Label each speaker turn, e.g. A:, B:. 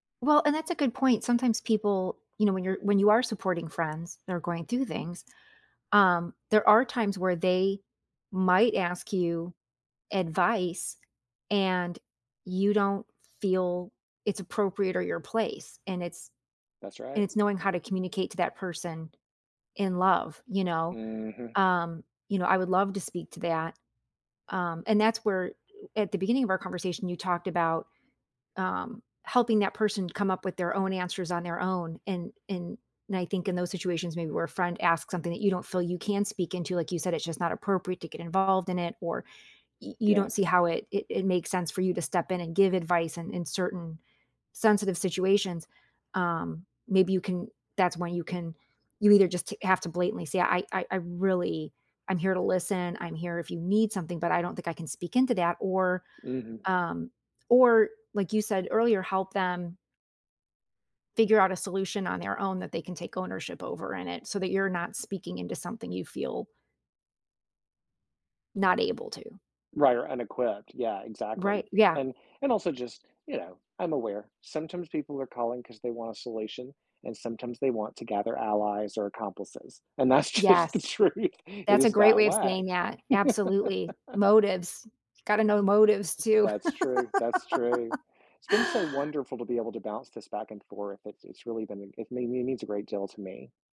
A: Well, and that's a good point, sometimes people, you know, when you're when you are supporting friends, they're going through things. Um, there are times where they might ask you advice, and you don't feel it's appropriate or your place, and it's
B: That's
A: and
B: right.
A: it's knowing how to communicate to that person in love, you know?
B: Mhm.
A: Um, you know, I would love to speak to that. Um, and that's where at the beginning of our conversation, you talked about, um, helping that person come up with their own answers on their own, and and and, I think in those situations, maybe, where a friend asks something that you don't feel you can speak into, like you said, it's just not appropriate to get involved in it, or y
B: D
A: you
B: yeah.
A: don't see how it it it makes sense for you to step in and give advice in in certain sensitive situations. Um, maybe you can that's when you can you either just t have to blatantly say, "I I I really I'm here to listen, I'm here if you need something, but I don't think I can speak into that," or,
B: Mhm.
A: um or, like you said earlier, help them figure out a solution on their own that they can take ownership over in it, so that you're not speaking into something you feel not able to.
B: Right, or, unequipped, yeah,
A: Right,
B: exactly.
A: yeah.
B: And and also just, you know, I'm aware, sometimes people are calling 'cause they want a solution and sometimes they want to gather allies or accomplices, and that's just the
A: Yes.
B: truth, it
A: That's a
B: is
A: great
B: that
A: way of
B: way.
A: saying that, absolutely, motives. Gotta know
B: That's
A: motives, too.
B: that's true, that's true. It's been so wonderful to be able to bounce this back and forth, it's it's really been a it mean means a great deal to me.